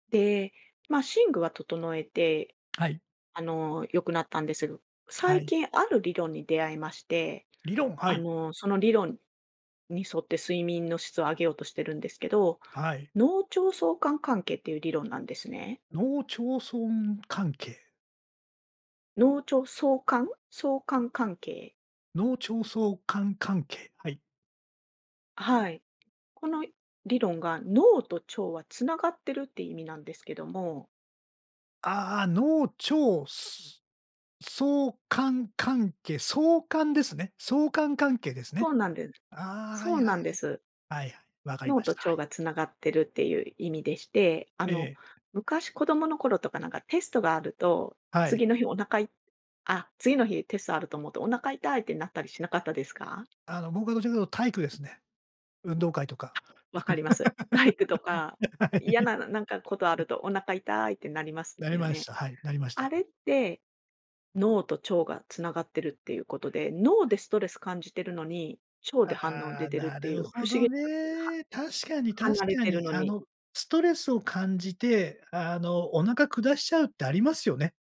で、ま、寝具は整えて、はい。あの、良くなったんでせぐ、は最い。近ある理論に出会いまして、理論、はあい。の、その理論に沿って睡眠の質を上げようとしてるんですけど、はい。脳腸相関関係っていう理論なんですね。農町村関係？脳腸相関、相関関係。脳腸相関関係、はい。あ、はい。この理論が脳と腸は繋がってるっていう意味なんですけども。ああ、脳、腸、す相関関係、相関ですね。相関関係ですそね。うなんでああ、はそいうはないんです。はい。はい、わかりま脳とした。は腸い。がつながってるっていう意味でして、あえの、え。昔子供の頃とかなんかテストがあると、はい。次の日お腹いあ、次の日テストあると思うとお腹痛いってなったりしなかったですか？あの僕はどちらかというと体育ですね。運動会とか。わかります。体育とか、は嫌い。ななんかことあ るとお腹痛いってなりますなりよましね。た。はい、なりましあた。れって、脳と腸が繋がってるっていうことで、脳でストレス感じてるのに、腸で反応あ出あ、てるっなているうほ不思ど議 [unintelligible] は、ね。確かに確離れかてるに。のあに。の、ストレスを感じて、あの、お腹下しちゃうってありますよね。